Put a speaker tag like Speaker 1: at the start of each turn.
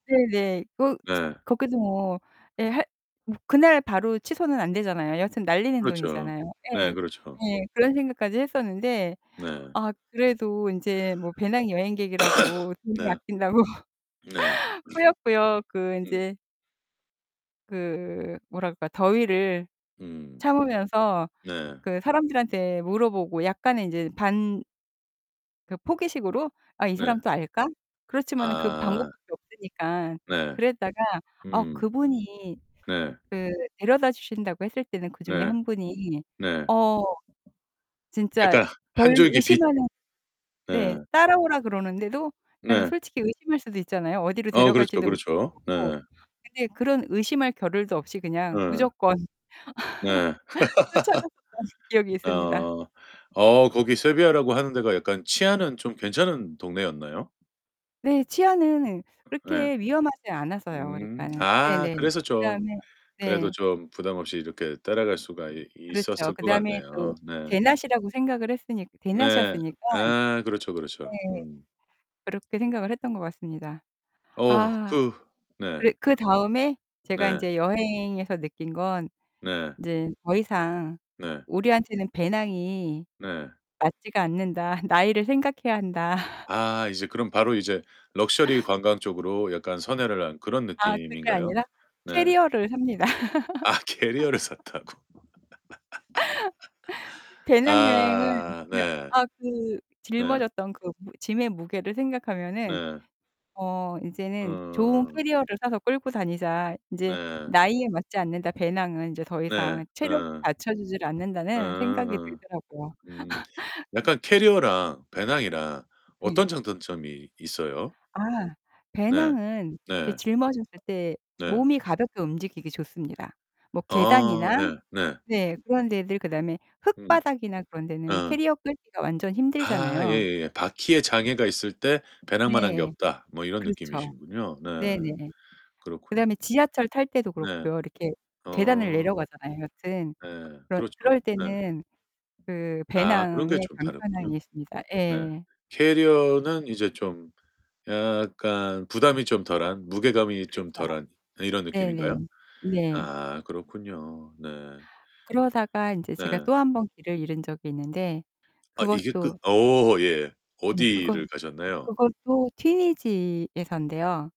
Speaker 1: 네네. 그
Speaker 2: 네.
Speaker 1: 거기도 뭐 예 할 뭐 그날 바로 취소는 안 되잖아요. 여하튼 날리는
Speaker 2: 그렇죠.
Speaker 1: 돈이잖아요. 예.
Speaker 2: 네, 그렇죠.
Speaker 1: 예. 그런 생각까지 했었는데
Speaker 2: 네.
Speaker 1: 아 그래도 인제 뭐 배낭여행객이라고 돈을
Speaker 2: 네.
Speaker 1: 아낀다고
Speaker 2: 네.
Speaker 1: 꾸역꾸역 그
Speaker 2: 음.
Speaker 1: 인제 그 뭐라 그럴까, 더위를
Speaker 2: 음.
Speaker 1: 참으면서
Speaker 2: 네.
Speaker 1: 그 사람들한테 물어보고 약간의 인제
Speaker 2: 음.
Speaker 1: 반 그 포기식으로 '아 이
Speaker 2: 네.
Speaker 1: 사람도 알까?' 그렇지만은 그
Speaker 2: 아.
Speaker 1: 방법밖에 없으니까.
Speaker 2: 네.
Speaker 1: 그랬다가 어
Speaker 2: 음.
Speaker 1: 그분이
Speaker 2: 네.
Speaker 1: 그 데려다 주신다고 했을 때는 그중에
Speaker 2: 네.
Speaker 1: 1 분이
Speaker 2: 네.
Speaker 1: 어 진짜
Speaker 2: 약간 한
Speaker 1: 별
Speaker 2: 줄기 빛.
Speaker 1: 의심하는
Speaker 2: 네.
Speaker 1: 네. 따라오라 그러는데도 그러니까는
Speaker 2: 네.
Speaker 1: 솔직히 의심할 수도 있잖아요, 어디로
Speaker 2: 어 그렇죠,
Speaker 1: 데려갈지도 모르는
Speaker 2: 그렇죠.
Speaker 1: 거고.
Speaker 2: 예.
Speaker 1: 근데 그런 의심할 겨를도 없이 그냥
Speaker 2: 예.
Speaker 1: 무조건
Speaker 2: 네.
Speaker 1: 쫓아갔었던 기억이 있습니다.
Speaker 2: 아. 어, 거기 세비야라고 하는 데가 약간 치안은 좀 괜찮은 동네였나요?
Speaker 1: 네. 치안은
Speaker 2: 예.
Speaker 1: 그렇게 위험하지 않아서요,
Speaker 2: 음.
Speaker 1: 그러니까는
Speaker 2: 아,
Speaker 1: 네네.
Speaker 2: 그래서 좀
Speaker 1: 그다음에
Speaker 2: 그래도
Speaker 1: 네.
Speaker 2: 좀 부담 없이 이렇게 따라갈 수가 이
Speaker 1: 그렇죠.
Speaker 2: 있었을 것
Speaker 1: 그다음에
Speaker 2: 같네요.
Speaker 1: 또
Speaker 2: 네.
Speaker 1: 대낮이라고 생각을 했으니까
Speaker 2: 네.
Speaker 1: 대낮이었으니까.
Speaker 2: 아 그렇죠, 그렇죠.
Speaker 1: 네.
Speaker 2: 음.
Speaker 1: 그렇게 생각을 했던 것 같습니다.
Speaker 2: 어,
Speaker 1: 아.
Speaker 2: 그 네.
Speaker 1: 그리 그다음에 제가
Speaker 2: 네.
Speaker 1: 인제 여행에서 느낀 건
Speaker 2: 네.
Speaker 1: '인제 더 이상
Speaker 2: 네.
Speaker 1: 우리한테는 배낭이
Speaker 2: 네.
Speaker 1: 맞지가 않는다. 나이를 생각해야 한다.'
Speaker 2: 아, 이제 그럼 바로 이제 럭셔리 관광 쪽으로 약간 선회를 한 그런
Speaker 1: 아, 그게
Speaker 2: 느낌인가요?
Speaker 1: 아니라
Speaker 2: 네.
Speaker 1: 캐리어를 삽니다.
Speaker 2: 아 캐리어를 샀다고.
Speaker 1: 배낭여행은
Speaker 2: 아,
Speaker 1: 그
Speaker 2: 네.
Speaker 1: 아 그
Speaker 2: 네.
Speaker 1: 짊어졌던 그 무 짐의 무게를 생각하면은
Speaker 2: 네.
Speaker 1: 어 '이제는 좋은
Speaker 2: 어어.
Speaker 1: 캐리어를 사서 끌고 다니자. 인제
Speaker 2: 네.
Speaker 1: 나이에 맞지 않는다. 배낭은 인제 더
Speaker 2: 네,
Speaker 1: 이상 체력이
Speaker 2: 어.
Speaker 1: 받쳐주지를
Speaker 2: 어
Speaker 1: 않는다.'는 생각이
Speaker 2: 어.
Speaker 1: 들더라고요.
Speaker 2: 음. 약간 캐리어랑 배낭이랑
Speaker 1: 네.
Speaker 2: 어떤 장단점이 있어요?
Speaker 1: 아.
Speaker 2: 네.
Speaker 1: 배낭은 그
Speaker 2: 네.
Speaker 1: 짊어졌을 때
Speaker 2: 네.
Speaker 1: 몸이 가볍게 움직이기 좋습니다. 뭐
Speaker 2: 아.
Speaker 1: 계단이나
Speaker 2: 예 네.
Speaker 1: 네. 그런 데들 그다음에
Speaker 2: 음.
Speaker 1: 흙바닥이나 그런 데는
Speaker 2: 어.
Speaker 1: 캐리어 끌기가 완전
Speaker 2: 아
Speaker 1: 힘들잖아요.
Speaker 2: 예예예. 바퀴에 장애가 있을 때 배낭만 한 게
Speaker 1: 네.
Speaker 2: 없다. 뭐 이런
Speaker 1: 그렇죠.
Speaker 2: 느낌이시군요. 네.
Speaker 1: 네네.
Speaker 2: 그렇군요.
Speaker 1: 그다음에 지하철 탈 때도
Speaker 2: 네.
Speaker 1: 그렇고요. 이렇게 계단을
Speaker 2: 어.
Speaker 1: 내려가잖아요, 여튼.
Speaker 2: 예,
Speaker 1: 그러
Speaker 2: 그렇죠.
Speaker 1: 그럴
Speaker 2: 예.
Speaker 1: 때는 그
Speaker 2: 아, 그런 게
Speaker 1: 배낭의
Speaker 2: 좀 다르군요.
Speaker 1: 간편함이 있습니다.
Speaker 2: 네.
Speaker 1: 예.
Speaker 2: 캐리어는 이제 좀 약간 부담이 좀 덜한 무게감이 좀
Speaker 1: 그렇죠.
Speaker 2: 덜한 이런
Speaker 1: 네네.
Speaker 2: 느낌인가요?
Speaker 1: 네.
Speaker 2: 아, 그렇군요. 네.
Speaker 1: 그러다가 인제 제가
Speaker 2: 네.
Speaker 1: 또 1 번 길을 잃은 적이 있는데
Speaker 2: 아 이게 끝
Speaker 1: 그것도
Speaker 2: 어 예.
Speaker 1: 네 그것
Speaker 2: 어디를 가셨나요?
Speaker 1: 그것도 튀니지에서인데요.